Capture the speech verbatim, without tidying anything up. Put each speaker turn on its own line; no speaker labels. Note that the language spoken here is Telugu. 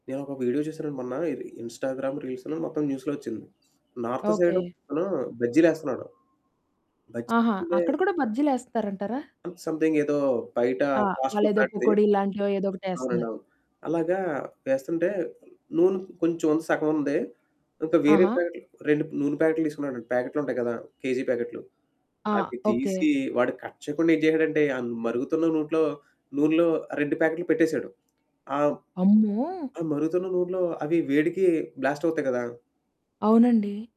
నేనొక వీడియో చూశానండి మొన్నఇది ఇన్‌స్టాగ్రామ్ రీల్స్‌లో మొత్తం న్యూస్‌లో వచ్చింది. North side
okay.
ఒకతను బజ్జీలేస్తున్నాడు.
ఆహా!
బజ్జీలే
అక్కడ కూడా బజ్జీలేస్తారంటారా?
సంథింగ్ ఏదో బయట
ఆ!
ఫాస్ట్ ఫుడ్
వాళ్ళేదో
లాంటిది.
పకోడిల్లాంటివో ఏదో ఒకటేస్తున్నారు.
అవునండవును. అలాగా వేస్తుంటే నూనె కొంచెం సగం ఉంది. ఇంకా వేరే
ఆహా!
ప్యాకెట్లు రెండు నూనె ప్యాకెట్లు తీసుకున్నాడండి ప్యాకెట్లుంటాయి గదా! కేజీ ప్యాకెట్లు.
ఆ!
అవి
ఓకే.
తీసి వాడు కట్ చేయకుండా ఏం చేశాడంటే ఆ మరుగుతున్న నూట్లో నూనెలో ఆ రెండు ప్యాకెట్లు పెట్టేశాడు. అవును.
అమ్మో!
ఆ మరుగుతున్న నూనెలో అవి వేడికి బ్లాస్ట్ అవుతాయి గదా!
అవునండి.